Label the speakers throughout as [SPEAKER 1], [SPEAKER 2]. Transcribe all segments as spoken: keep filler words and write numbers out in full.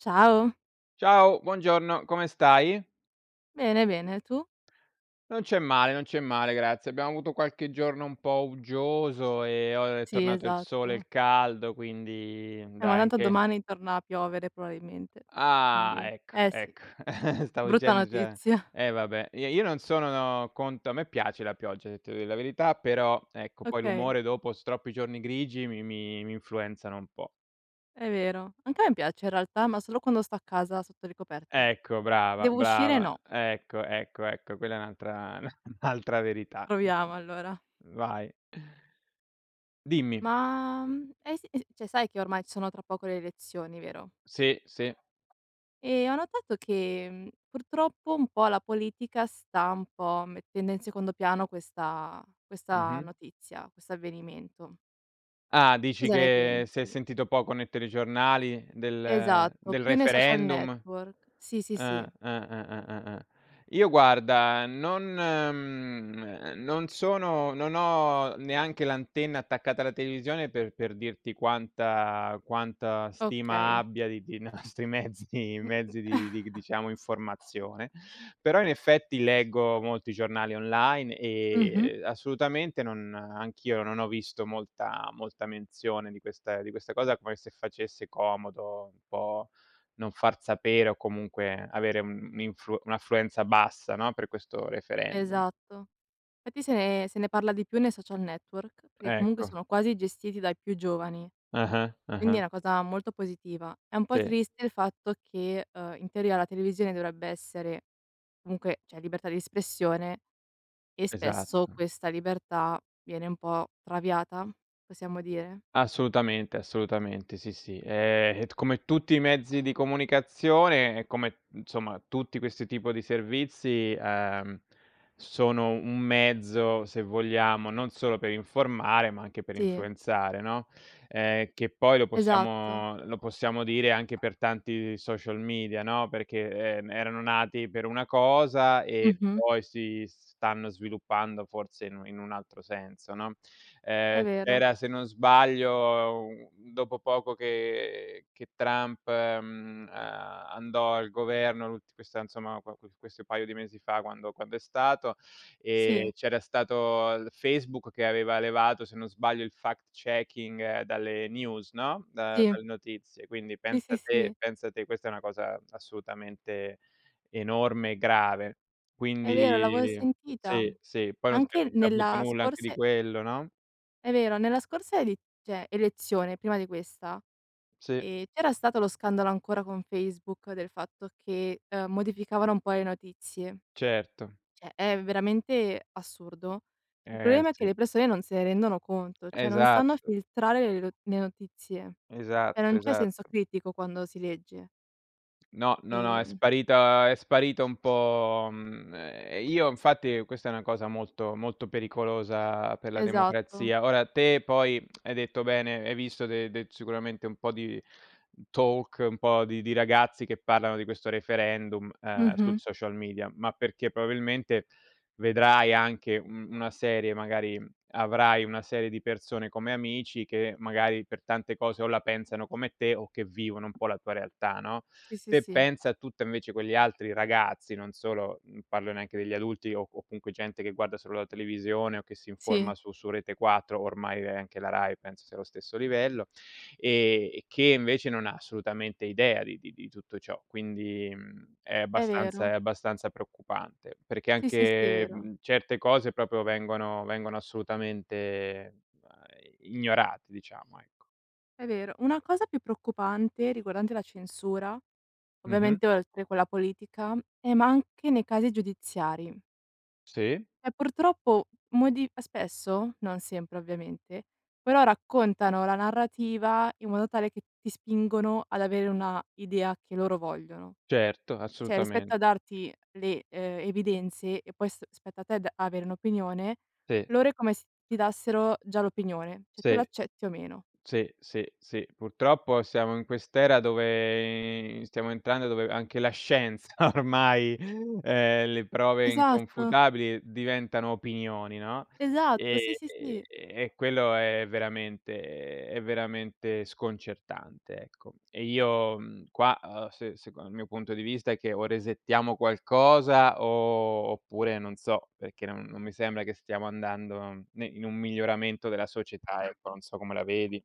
[SPEAKER 1] Ciao.
[SPEAKER 2] Ciao, buongiorno, come stai?
[SPEAKER 1] Bene, bene, tu?
[SPEAKER 2] Non c'è male, non c'è male, grazie. Abbiamo avuto qualche giorno un po' uggioso, ehm, o è
[SPEAKER 1] Sì,
[SPEAKER 2] tornato il sole e
[SPEAKER 1] esatto.
[SPEAKER 2] il caldo. Quindi,
[SPEAKER 1] Eh ma
[SPEAKER 2] dai
[SPEAKER 1] tanto
[SPEAKER 2] anche
[SPEAKER 1] domani torna a piovere proabilmente.
[SPEAKER 2] Ah,
[SPEAKER 1] Quindi
[SPEAKER 2] ecco,
[SPEAKER 1] eh, sì.
[SPEAKER 2] ecco! Stavo
[SPEAKER 1] Brutta
[SPEAKER 2] dicendo, ceh
[SPEAKER 1] notizia.
[SPEAKER 2] eh vabbè, i io non sono conto a me piace la pioggia, se ti devo dì la verità, però ecco, poi
[SPEAKER 1] Okay.
[SPEAKER 2] l'umore dopo s troppi giorni grigi, mi mi mi influenzano un po'.
[SPEAKER 1] È vero, anche a me piace in realtà, ma solo quando sto a casa sotto le coperte.
[SPEAKER 2] Ecco, brava,
[SPEAKER 1] Devo uscire,
[SPEAKER 2] brava,
[SPEAKER 1] no.
[SPEAKER 2] ecco, ecco, ecco, quella è un'altra un'altra verità.
[SPEAKER 1] Proviamo allora.
[SPEAKER 2] Vai. Dimmi.
[SPEAKER 1] Ma, mhmm, hai se s cioè, sai che ormai ci sono tra poco le elezioni, vero?
[SPEAKER 2] Sì, sì.
[SPEAKER 1] E ho notato che, mhmm, purtroppo un po' la politica sta un po' mettendo in secondo piano questa questa
[SPEAKER 2] Mh-mh.
[SPEAKER 1] notizia, questo avvenimento.
[SPEAKER 2] Ah, dici
[SPEAKER 1] Cosa ne
[SPEAKER 2] che si è
[SPEAKER 1] pensi?
[SPEAKER 2] sentito poco ne ttelegiornali del
[SPEAKER 1] Esatto,
[SPEAKER 2] del
[SPEAKER 1] più nei social
[SPEAKER 2] referendum?
[SPEAKER 1] network. Sì, sì,
[SPEAKER 2] Eh,
[SPEAKER 1] sì.
[SPEAKER 2] eh, eh, eh, eh, eh. Io guarda, non mhmm, non sono non ho neanche l'antenna attaccata alla televisione per per dirti quanta quanta stima
[SPEAKER 1] Okay.
[SPEAKER 2] abbia di di nostri mezzi mezzi di di g diciamo informazione; però in effetti leggo molti giornali online,
[SPEAKER 1] Mh-mh.
[SPEAKER 2] ehm, assolutamente non anch'io non ho visto molta molta menzione di questa di questa cosa come se facesse comodo un po' non far sapere, o comunque avere un'infu un'affluenza bassa, no, per questo referendum.
[SPEAKER 1] Esatto. Fatti se ne se ne parla di più nei social network, perché comunque
[SPEAKER 2] Ecco.
[SPEAKER 1] sono quasi gestiti dai più giovani,
[SPEAKER 2] Ah-ah.
[SPEAKER 1] quindi è
[SPEAKER 2] Ah-ah.
[SPEAKER 1] una cosa molto positiva. È un po'
[SPEAKER 2] Sì.
[SPEAKER 1] triste il fatto che, uhm, in teoria la televisione dovrebbe essere comunque c'è libertà di espressione e spesso
[SPEAKER 2] Esatto.
[SPEAKER 1] questa libertà viene un po' traviata? Possiamo dire?
[SPEAKER 2] Assolutamente, assolutamente, sì, sì. Ehm, t come tutti i mezzi di comunicazione, come, insomma, tutti questi tipo di servizi, ehm, sono un mezzo, se vogliamo, non solo per informare ma anche per
[SPEAKER 1] Sì.
[SPEAKER 2] influenzare, no? Ehm, che poi lo
[SPEAKER 1] Esatto.
[SPEAKER 2] possiamo lo possiamo dire anche per tanti social media, no? Perché, ehm, erano nati per una cosa e
[SPEAKER 1] Mh-mh.
[SPEAKER 2] poi si stanno sviluppando forse in un in un altro senso, no?
[SPEAKER 1] È
[SPEAKER 2] Ehm,
[SPEAKER 1] vero.
[SPEAKER 2] era se non sbaglio, uhm, dopo poco che che Trump, mhmm, uhm, andò al governo l'ult questa, nsomma, qua qua questo paio di mesi fa quando quando è stato, ehm,
[SPEAKER 1] Sì.
[SPEAKER 2] c'era stato l Facebook che aveva levato se non sbaglio il fact checking dalle news, no? Da
[SPEAKER 1] Sì.
[SPEAKER 2] dalle notizie quindi
[SPEAKER 1] Sì,
[SPEAKER 2] pensa
[SPEAKER 1] sì,
[SPEAKER 2] te
[SPEAKER 1] sì.
[SPEAKER 2] pensa te questa è una cosa assolutamente enorme e grave,
[SPEAKER 1] È vero, l'avo
[SPEAKER 2] quindi
[SPEAKER 1] sentita.
[SPEAKER 2] sì, sì. Poi non si è
[SPEAKER 1] Anche
[SPEAKER 2] saputo
[SPEAKER 1] nella
[SPEAKER 2] nulla anche
[SPEAKER 1] scorsa
[SPEAKER 2] di
[SPEAKER 1] e
[SPEAKER 2] quello, no?
[SPEAKER 1] È vero, nella scorsa edi ceh, elezione prima di questa,
[SPEAKER 2] Sì.
[SPEAKER 1] ehm, c'era stato lo scandalo ancora con Facebook, del fatto che, ehm, modificavano un po' le notizie.
[SPEAKER 2] Certo.
[SPEAKER 1] ceh, è veramente assurdo. Il
[SPEAKER 2] Eh,
[SPEAKER 1] problema è che
[SPEAKER 2] sì.
[SPEAKER 1] le persone non se ne rendono conto, cioè non stanno
[SPEAKER 2] Esatto.
[SPEAKER 1] filtrare le lo le notizie, e
[SPEAKER 2] Esatto.
[SPEAKER 1] non c'è senso
[SPEAKER 2] Esatto.
[SPEAKER 1] critico quando si legge.
[SPEAKER 2] No, no, no, è
[SPEAKER 1] Ehm
[SPEAKER 2] sparita è sparito un po' mhmm, ehm, io infatti, questa è una cosa molto, molto pericolosa per la
[SPEAKER 1] Esatto.
[SPEAKER 2] democrazia. Ora te, poi, hai detto bene, hai visto de de sicuramente un po' di talk, un po' di di ragazzi che parlano di questo referendum, uhm, sui
[SPEAKER 1] Mh-mh.
[SPEAKER 2] social media ma perché probabilmente vedrai anche, mhmm, una serie, magari avrai una serie di persone come amici che, magari, per tante cose o la pensano come te o che vivono un po' la tua realtà, no?
[SPEAKER 1] Sì, sì,
[SPEAKER 2] Te
[SPEAKER 1] sì.
[SPEAKER 2] pensa a tutte invece quegli altri ragazzi, non solo, mhmm, parlo neanche degli adulti o o counque, gente che guarda solo la televisione o che si informa
[SPEAKER 1] Sì.
[SPEAKER 2] su su Rete4 ormai, ehm, anche la Rai penso sia lo stesso livello, ehm, che invece non ha assolutamente idea di di di tutto ciò. Quindi, mhmm, è
[SPEAKER 1] È
[SPEAKER 2] abbastanza è
[SPEAKER 1] vero.
[SPEAKER 2] abbastanza preoccupante, perché
[SPEAKER 1] Sì, sì, sì, è
[SPEAKER 2] anche,
[SPEAKER 1] vero.
[SPEAKER 2] mhmm, certe cose, propio vengono vengono assolutamente, uhm, ignorate diciamo, ecco.
[SPEAKER 1] È vero, una cosa più preoccupante, riguardante la censura,
[SPEAKER 2] Mh-mh.
[SPEAKER 1] ovviamente oltre quella politica, è ma anche nei casi giudiziari.
[SPEAKER 2] Sì.
[SPEAKER 1] E purtroppo modi spesso, non sempre ovviamente, però raccontano la narrativa in modo tale che ti spingono ad avere una idea che loro vogliono.
[SPEAKER 2] Certo,
[SPEAKER 1] ceh, rispetto
[SPEAKER 2] assolutamen
[SPEAKER 1] a darti le ehm, evidenze e poi s spetta a te d avere un'opinione,
[SPEAKER 2] Sì.
[SPEAKER 1] loro è come se ti dassero già l'opinione. ceh, tu
[SPEAKER 2] Sì.
[SPEAKER 1] l'accetti o meno.
[SPEAKER 2] Sì, sì, sì. Purtroppo siamo in quest'era dove i stiamo entrando, dove anche la scienza ormai, ehm, le prove
[SPEAKER 1] Esatto!
[SPEAKER 2] inconfutabili diventano opinioni, no?
[SPEAKER 1] Esatto, sì,
[SPEAKER 2] Ehm
[SPEAKER 1] sì, sì.
[SPEAKER 2] e quello è veramente è veramente sconcertante, ecco. E io mhmm, qua, uhm, se seco il mio punto di vista, è che o resettiamo qualcosa o oppure non so, perché non non mi sembra che stiamo andando ne in un miglioramento della società, ecco, non so come la vedi.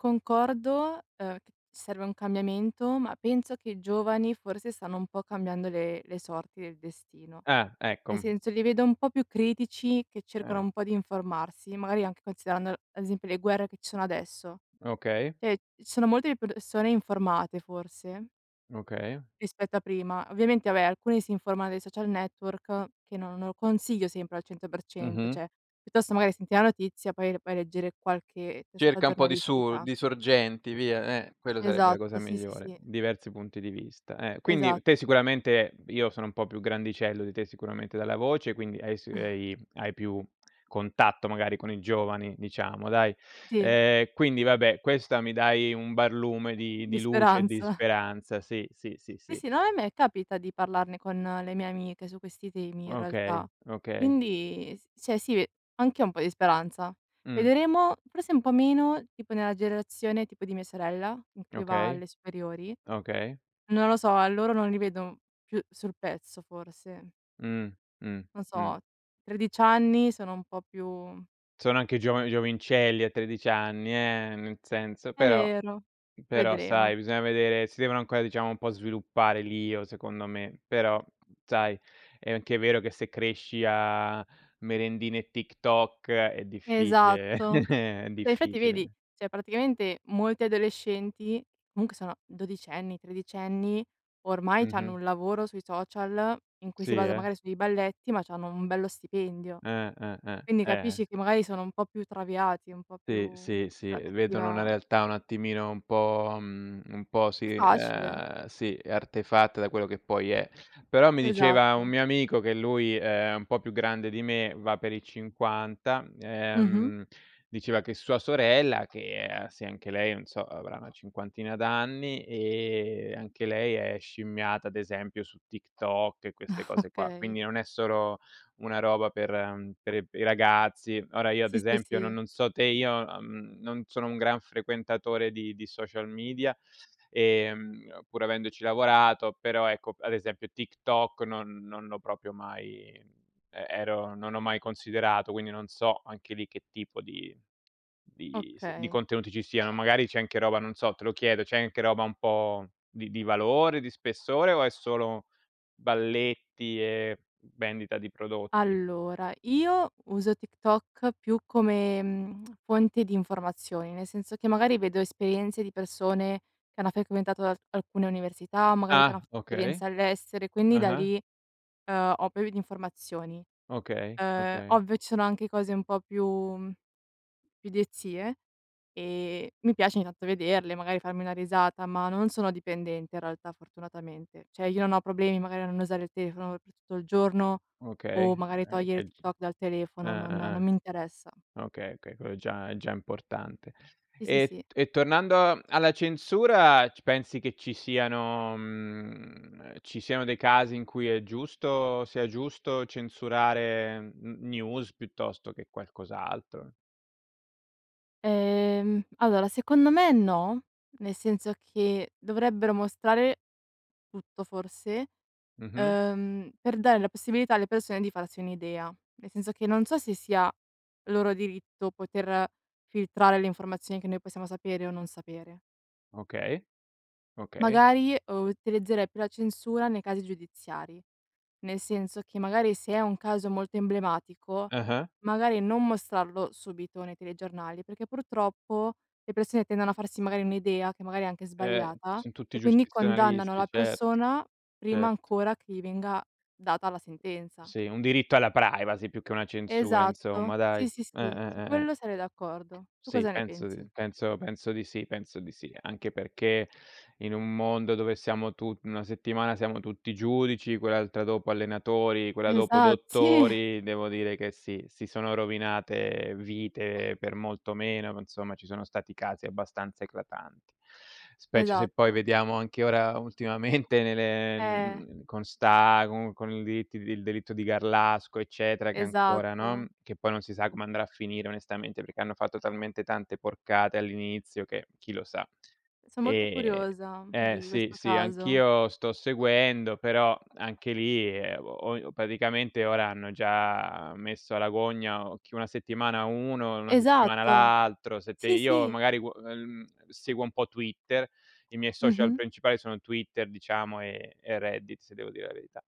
[SPEAKER 1] Concordo, uhm, c serve un cambiamento, ma penso che i giovani forse stanno un po' cambiando le le sorti del destino.
[SPEAKER 2] Ah,
[SPEAKER 1] Nel
[SPEAKER 2] ecco.
[SPEAKER 1] senso, li vedo un po' più critici, che cercano
[SPEAKER 2] Eh.
[SPEAKER 1] un po' di informarsi, magari anche considerando, ad esempio le guerre che ci sono adesso.
[SPEAKER 2] Okay.
[SPEAKER 1] Eh, ci sono molte i persone informate, forse
[SPEAKER 2] Okay.
[SPEAKER 1] rispetto a prima. Ovviamente abè, alcuni si informano dai social network, che non non lo consiglio sempre al cento per cento.
[SPEAKER 2] Mh-mh.
[SPEAKER 1] ceh, piuttosto magari senti la notizia, poi vai a leggere qualche testata
[SPEAKER 2] Cerca un po' di su
[SPEAKER 1] giornalistica.
[SPEAKER 2] di sorgenti via, eh, quello sarebbe la cosa
[SPEAKER 1] Esatto, sì, sì,
[SPEAKER 2] migliore,
[SPEAKER 1] sì.
[SPEAKER 2] diversi punti di vista, eh.
[SPEAKER 1] Esa
[SPEAKER 2] Quindi te sicuramente io sono un po' più grandicello di te sicuramente dalla voce, quindi hai s hai hai più contatto magari con i giovani, diciamo, dai.
[SPEAKER 1] Sì.
[SPEAKER 2] Ehm, quindi vabbè questa mi dai un barlume di di
[SPEAKER 1] Di
[SPEAKER 2] luce e di
[SPEAKER 1] speranza.
[SPEAKER 2] speranza, sì, sì, sì,
[SPEAKER 1] Sì,
[SPEAKER 2] sì.
[SPEAKER 1] sì, no, e me capita di parlarne con le mie amiche, su questi temi, in
[SPEAKER 2] Okay,
[SPEAKER 1] realtà.
[SPEAKER 2] okay.
[SPEAKER 1] Quindi, s ceh sì, anch'io ho un po' di speranza.
[SPEAKER 2] Mh.
[SPEAKER 1] Vedremo forse un po' meno, tipo nella gerazione tipo di mia sorella, in cui va
[SPEAKER 2] Okay,
[SPEAKER 1] alle superiori,
[SPEAKER 2] okay.
[SPEAKER 1] non lo so, a loro non li vedo più sul pezzo forse.
[SPEAKER 2] Mh. Mh,
[SPEAKER 1] Non
[SPEAKER 2] mh.
[SPEAKER 1] so, tredici anni sono un po' più
[SPEAKER 2] Sono anche giova giovincelli a tredici anni, eh, nel senso
[SPEAKER 1] È
[SPEAKER 2] però
[SPEAKER 1] vero,
[SPEAKER 2] però
[SPEAKER 1] vedremo.
[SPEAKER 2] sai bisogna vedere, si devono ancora diciamo, un po' sviluppare l'io, secondo me; però sai, è anche vero che se cresci a merendine e TikTok è difficile.
[SPEAKER 1] Esatto!
[SPEAKER 2] È
[SPEAKER 1] Ma infatti vedi,
[SPEAKER 2] difficile.
[SPEAKER 1] ceh praticamente molti adolescenti, munche sono dodicenni, tredicenni, ormai c'hanno
[SPEAKER 2] Mh-mh.
[SPEAKER 1] un lavoro sui social in cui
[SPEAKER 2] Sì,
[SPEAKER 1] si basa
[SPEAKER 2] eh?
[SPEAKER 1] magari sui dei balletti ma c'hanno un bello stipendio.
[SPEAKER 2] Eh, eh, eh.
[SPEAKER 1] Quindi
[SPEAKER 2] Eh.
[SPEAKER 1] capisci che, magari, sono un po' più traviati, un po'
[SPEAKER 2] Sì,
[SPEAKER 1] più
[SPEAKER 2] sì, sì,
[SPEAKER 1] sulla
[SPEAKER 2] vedono una
[SPEAKER 1] cattiva
[SPEAKER 2] realtà un attimino un po' mhmm, un po'
[SPEAKER 1] È
[SPEAKER 2] sì,
[SPEAKER 1] facile.
[SPEAKER 2] ehm sì, artefatta da quello che poi è. Però mi diceva un
[SPEAKER 1] Esatto.
[SPEAKER 2] mio amico che lui è un po' più grande di me, va per i cinquanta,
[SPEAKER 1] Mh-mh.
[SPEAKER 2] ehm, diceva che sua sorella, che, ehm, anche lei, non so, avrà una cinquantina d'anni e anche lei è scimmiata ad esempio su TikTok e queste cose qua.
[SPEAKER 1] Okay.
[SPEAKER 2] Quindi non è solo una roba per per i ragazzi. Ora, io ad
[SPEAKER 1] Sì, sì,
[SPEAKER 2] esempio no
[SPEAKER 1] sì.
[SPEAKER 2] non so te, io, mhmm, non sono un gran frequentatore di di social media, ehm, pur avendoci lavorato però ecco, ad esempio TikTok non non l'ho propio mai e ero non ho mai considerato quindi, non so, anche lì che tipo di di s
[SPEAKER 1] Okay.
[SPEAKER 2] contenuti ci siano. Magari c'è anche roba, non so, te lo chiedo, c'è anche roba un po' di di valore, di spessore o è solo balletti, ehm, vendita di prodotti?
[SPEAKER 1] Allora, io uso TikTok più come, mhmm, fonte di informazioni, nel senso che, magari, vedo esperienze di persone che hanno fequentato al alcune università o magari che hanno f
[SPEAKER 2] Ah. Okay.
[SPEAKER 1] esperienza all'estero quindi da
[SPEAKER 2] Ah-ah.
[SPEAKER 1] lì, uhm, ho [unintelligible] di informazioni.
[SPEAKER 2] Okay,
[SPEAKER 1] Uhm,
[SPEAKER 2] okay.
[SPEAKER 1] ovvio ci sono anche cose un po' più mhmm più idiozie, e mi piace ogni tanto vederle magari farmi una risata, ma non sono dipendente in realtà, fortunatamente. ceh, io non ho problemi magari a non usare il telefono per tutto il giorno o
[SPEAKER 2] Okay
[SPEAKER 1] magari
[SPEAKER 2] eh,
[SPEAKER 1] togliere
[SPEAKER 2] e
[SPEAKER 1] Tik
[SPEAKER 2] g
[SPEAKER 1] Tok dal telefono. Non
[SPEAKER 2] ah-ah,
[SPEAKER 1] non
[SPEAKER 2] ah.
[SPEAKER 1] mi interessa.
[SPEAKER 2] Okay, okay, col è già è già importante.
[SPEAKER 1] Sì, sì,
[SPEAKER 2] E
[SPEAKER 1] sì.
[SPEAKER 2] t e tornando alla censura c pensi che ci siano, mhmm, ci siano dei casi in cui è giusto sia giusto censurare n news, piuttosto che qualcos'altro?
[SPEAKER 1] Ehm, allora secondo me no, nel senso che dovrebbero mostrare tutto forse,
[SPEAKER 2] Mh-mh.
[SPEAKER 1] uhm, per dare la possibilità alle persone di farsi un'idea: nel senso che non so se sia loro diritto poter filtrare le informazioni che noi possiamo sapere o non sapere.
[SPEAKER 2] Okay, okay.
[SPEAKER 1] Magari, uhm, utilizzerei più la censura nei casi giudiziari; nel senso che, magari, se a un caso molto emblematico,
[SPEAKER 2] Ah-ah.
[SPEAKER 1] magari non mostrarlo subito nei telegiornali perché purtroppo le persone tendono a farsi magari un'idea, che magari è anche
[SPEAKER 2] Eh,
[SPEAKER 1] sbagliata,
[SPEAKER 2] son tutti
[SPEAKER 1] e quindi condannano
[SPEAKER 2] giustizionalisti,
[SPEAKER 1] la
[SPEAKER 2] certo,
[SPEAKER 1] persona prima
[SPEAKER 2] certo.
[SPEAKER 1] ancora che gli venga data la sentenza.
[SPEAKER 2] Sì, un diritto alla privacy più che una censura, insomma
[SPEAKER 1] Esatto!
[SPEAKER 2] dai,
[SPEAKER 1] Sì, sì,
[SPEAKER 2] eh,
[SPEAKER 1] sì,
[SPEAKER 2] eh,
[SPEAKER 1] su
[SPEAKER 2] eh, eh.
[SPEAKER 1] quello sarei d'accordo. Tu
[SPEAKER 2] Sì
[SPEAKER 1] cosa ne
[SPEAKER 2] penso di
[SPEAKER 1] pensi?
[SPEAKER 2] penso penso di sì, penso di sì, anche perché in un mondo dove siamo tu una settimana siamo tutti giudici, quell'altra dopo allenatori, quella dopo
[SPEAKER 1] Esa Sì.
[SPEAKER 2] dottori, devo dire che sì si sono rovinate vite per molto meno. Ma insomma, ci sono stati casi abbastanza eclatanti. Specie se poi
[SPEAKER 1] Esatto.
[SPEAKER 2] vediamo anche ora ultimamente ne ne
[SPEAKER 1] Eh!
[SPEAKER 2] mhmm, con sta con con i delitt il delitto di Garlasco eccetera, che ancora, no,
[SPEAKER 1] Esatto!
[SPEAKER 2] che poi non si sa come andrà a finire, onestamente, perché hanno fatto talmente tante porcate all'inizio che, chi lo sa.
[SPEAKER 1] So molto
[SPEAKER 2] Eh
[SPEAKER 1] curiosa
[SPEAKER 2] eh
[SPEAKER 1] di
[SPEAKER 2] sì,
[SPEAKER 1] questo
[SPEAKER 2] sì,
[SPEAKER 1] caso.
[SPEAKER 2] anch'io sto seguendo però anche lì, ehm, oi paticamente ora hanno già messo alla gogna chi una settimana uno, una settimana
[SPEAKER 1] Esatto!
[SPEAKER 2] l'altro, se te
[SPEAKER 1] Sì
[SPEAKER 2] io
[SPEAKER 1] sì!
[SPEAKER 2] magari qu mhmm, seguo un po' Twitter, i miei social
[SPEAKER 1] Mh-mh.
[SPEAKER 2] principali sono Twitter diciamo, e e Reddit, se devo dire la verità.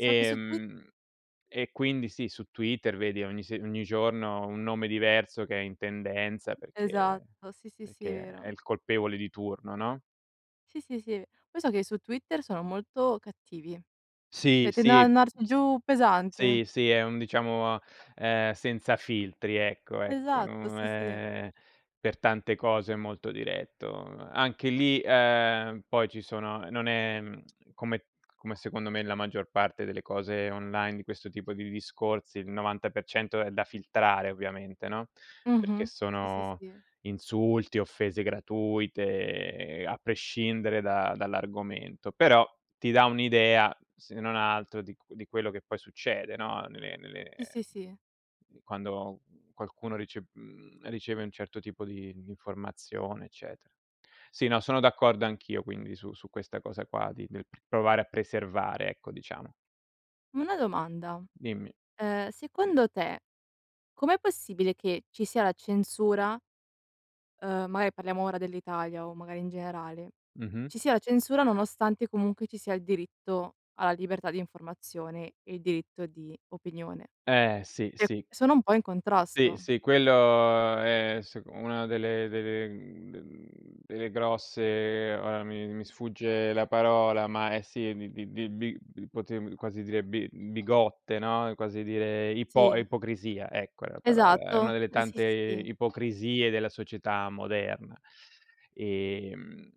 [SPEAKER 1] So che su Twit
[SPEAKER 2] e quindi sì, su Twitter vedi ogni se ogni giorno un nome diverso che è in tendenza perché
[SPEAKER 1] Esatto, sì, sì, sì, è
[SPEAKER 2] perché è
[SPEAKER 1] vero.
[SPEAKER 2] il colpevole di turno, no?
[SPEAKER 1] Sì, sì, sì. Poi so che su Twitter sono molto cattivi.
[SPEAKER 2] Sì,
[SPEAKER 1] ceh, tendono ad
[SPEAKER 2] sì.
[SPEAKER 1] andarci
[SPEAKER 2] S
[SPEAKER 1] giù pesante.
[SPEAKER 2] Sì, sì, è un diciamo, ehm, senza filtri ecco ecco,
[SPEAKER 1] Esatto,
[SPEAKER 2] mhmm,
[SPEAKER 1] sì, sì.
[SPEAKER 2] ehm, per tante cose molto diretto. Anche lì, uhm, poi ci sono non è come come secondo me la maggior parte delle cose online di questo tipo di discorsi, il novanta per cento è da filtrare ovviamente, no? Perché
[SPEAKER 1] Mh-mh. Sì, sì,
[SPEAKER 2] sono
[SPEAKER 1] sì.
[SPEAKER 2] insulti, offese gratuite, ehm, a prescindere da dall'argomento. Però ti dà un'idea, se non altro di cu di quello che poi succede, no? Nelle nelle
[SPEAKER 1] Sì, sì, sì.
[SPEAKER 2] quando qualcuno rice mhmm, riceve un certo tipo di di informazione, eccetera. Sì, no, sono d'accordo anch'io, quindi su su questa cosa qua, di de provare a preservare ecco, diciamo.
[SPEAKER 1] Una domanda.
[SPEAKER 2] Dimmi.
[SPEAKER 1] Ehm, secondo te, com'è possibile che ci sia la censura, ehm- magari parliamo ora dell'Italia o magari in generale-
[SPEAKER 2] Mh-mh.
[SPEAKER 1] ci sia la censura nonostante comunque ci sia il diritto alla libertà di informazione e il diritto di opinione?
[SPEAKER 2] Eh, sì, sì.
[SPEAKER 1] sono un po' in
[SPEAKER 2] Sì,
[SPEAKER 1] contrasto.
[SPEAKER 2] sì, quello, ehm, s una delle delle mhmm, d delle grosse, ora mi mi sfugge la parola, ma è sì, di di di quoti quasi direbbe bi bigotte, no? È quasi dire ipo
[SPEAKER 1] Sì.
[SPEAKER 2] ipocrisia, ecco è la parola è una
[SPEAKER 1] Esatto,
[SPEAKER 2] delle
[SPEAKER 1] eh, sì,
[SPEAKER 2] tante
[SPEAKER 1] sì, sì.
[SPEAKER 2] ipocrisie della società moderna, ehm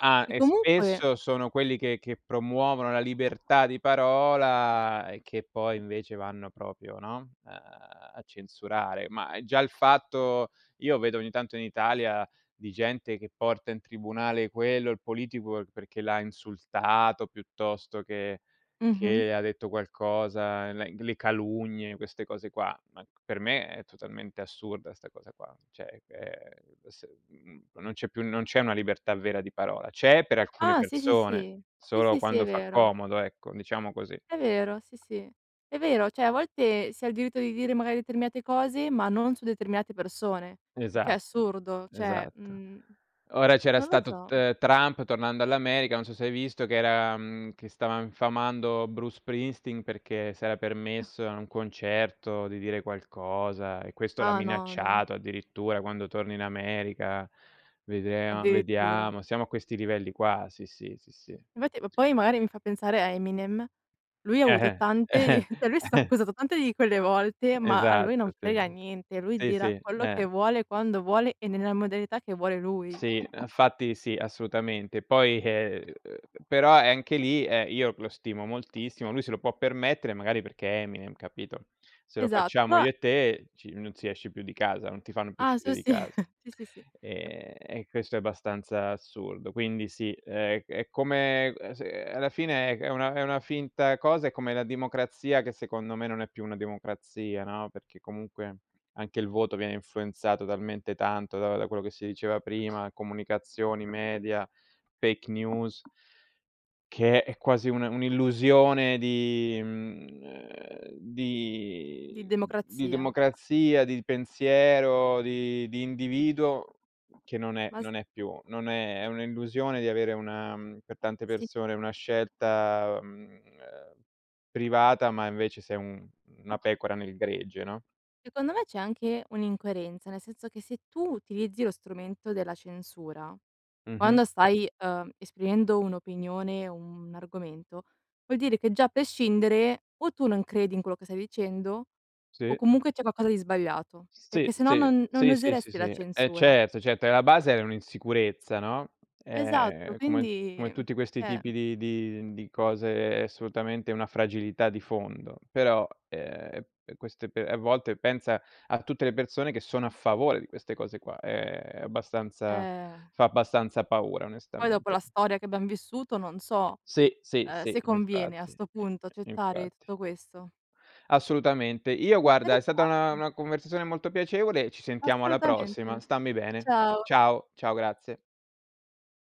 [SPEAKER 2] ah
[SPEAKER 1] E
[SPEAKER 2] e
[SPEAKER 1] comunque
[SPEAKER 2] spesso sono quelli che che promuovono la libertà di parola e che poi invece vanno propio, no, uhm, a censurare. Ma già il fatto io vedo ogni tanto in Italia di gente che porta in tribunale quello, il politico perché l'ha insultato piuttosto che
[SPEAKER 1] Mh-mh.
[SPEAKER 2] che ha detto qualcosa, la le calunnie, queste cose qua, ma per me è totalmente assurda 'sta cosa qua, ceh, ehm, s mhmm, non c'è più non c'è una libertà vera di parola. C'è per alcune
[SPEAKER 1] Ah, sì, sì,
[SPEAKER 2] persone,
[SPEAKER 1] sì. Sì,
[SPEAKER 2] solo
[SPEAKER 1] sì, sì, è
[SPEAKER 2] quando fa
[SPEAKER 1] vero.
[SPEAKER 2] comodo ecco, diciamo così.
[SPEAKER 1] È vero, sì, sì, è vero, cioè a volte si ha il diritto di dire magari determinate cose, ma non su determinate persone, il che è
[SPEAKER 2] Esatto.
[SPEAKER 1] assurdo cioè
[SPEAKER 2] Esatto.
[SPEAKER 1] mhmm,
[SPEAKER 2] Ora c'era
[SPEAKER 1] non lo
[SPEAKER 2] stato T
[SPEAKER 1] so.
[SPEAKER 2] ehm, Trump, tornando all'America. Non so se hai visto, che era, mhmm che stava infamando Bruce Springsteen perché si era permesso a un concerto di dire qualcosa e questo l'ha
[SPEAKER 1] Ah no, no.
[SPEAKER 2] minacciato addirittura: "Quando torni in America vedrea
[SPEAKER 1] eAddirittura!
[SPEAKER 2] vediamo". Siamo a questi livelli qua. Sì, sì, sì, sì.
[SPEAKER 1] Infatti ma poi magari mi fa pensare a Eminem: lui ha avuto tante di lui è stato accusato tante di quelle volte, ma a lui non
[SPEAKER 2] Esatto, sì.
[SPEAKER 1] frega niente. Lui
[SPEAKER 2] Sì,
[SPEAKER 1] dirà
[SPEAKER 2] sì,
[SPEAKER 1] quello
[SPEAKER 2] eh.
[SPEAKER 1] che vuole, quando vuole, e nella modalità che vuole lui.
[SPEAKER 2] Sì, anfatti sì, assolutamente poi, ehm, però e anche lì, eh, io lo stimo moltissimo, lui se lo può permettere magari perché è Eminem, capito? Se lo
[SPEAKER 1] Esatto.
[SPEAKER 2] facciamo
[SPEAKER 1] pro
[SPEAKER 2] io e te ci non si esce più di casa, non ti fanno più
[SPEAKER 1] Ah
[SPEAKER 2] uscire
[SPEAKER 1] su
[SPEAKER 2] di
[SPEAKER 1] si.
[SPEAKER 2] casa.
[SPEAKER 1] Sì, sì, sì.
[SPEAKER 2] Ehm, e questo è abbastanza assurdo. Quindi sì, è è come ehm, s alla fine è una è una finta cosa, è come la democrazia che secondo me non è più una democrazia, no? Perché comunque, anche il voto viene influenzato talmente tanto da da quello che si diceva prima, comunicazioni, media, fake news che è quasi una un'illusione di mhmm, ehm,
[SPEAKER 1] Di
[SPEAKER 2] di di
[SPEAKER 1] democrazia.
[SPEAKER 2] democrazia, di pensiero, di di individuo che non è
[SPEAKER 1] Ma s
[SPEAKER 2] non è più non è è un'illusione di avere una per tante
[SPEAKER 1] Sì.
[SPEAKER 2] persone una scelta, mhmm, ehm, privata ma invece sei un una pecora nel gregge, no?
[SPEAKER 1] Secondo me c'è anche un'incoerenza, nel senso che se tu utilizzi lo strumento della censura,
[SPEAKER 2] Mh-mh.
[SPEAKER 1] quando stai, uhm, esprimendo un'opinione, un argomento, vuol dire che già a pescindere o tu non credi in quello che stai dicendo o
[SPEAKER 2] Sì.
[SPEAKER 1] comunque, c'è qualcosa di sbagliato,
[SPEAKER 2] Sì,
[SPEAKER 1] perché sennò
[SPEAKER 2] sì,
[SPEAKER 1] non non
[SPEAKER 2] sì, sì, sì,
[SPEAKER 1] useresti la
[SPEAKER 2] sì, eh
[SPEAKER 1] censura.
[SPEAKER 2] certo, certo e la base è un'insicurezza, no?
[SPEAKER 1] Esatto,
[SPEAKER 2] Ehm, come
[SPEAKER 1] quindi
[SPEAKER 2] come
[SPEAKER 1] uhm,
[SPEAKER 2] tutti questi
[SPEAKER 1] ceh
[SPEAKER 2] tipi di di di cose è assolutamente una fragilità di fondo, però ehm, queste pe a volte, pensa a tutte le persone che sono a favore di queste cose qua. Ehm, è abbastanza
[SPEAKER 1] Eh.
[SPEAKER 2] fa abbastanza paura,
[SPEAKER 1] Poi dopo
[SPEAKER 2] onestamente.
[SPEAKER 1] la storia che abbiam vissuto non so,
[SPEAKER 2] Sì, sì,
[SPEAKER 1] uhm,
[SPEAKER 2] sì
[SPEAKER 1] se conviene, a
[SPEAKER 2] infatti.
[SPEAKER 1] 'sto punto, accettare
[SPEAKER 2] Infatti.
[SPEAKER 1] tutto questo.
[SPEAKER 2] Assolutamente. Io guarda è stata una
[SPEAKER 1] Interessante.
[SPEAKER 2] una conversazione molto piacevole ci sentiamo alla
[SPEAKER 1] Assolutamente.
[SPEAKER 2] prossima. Stammi bene.
[SPEAKER 1] Ciao.
[SPEAKER 2] Ciao. Ciao, grazie.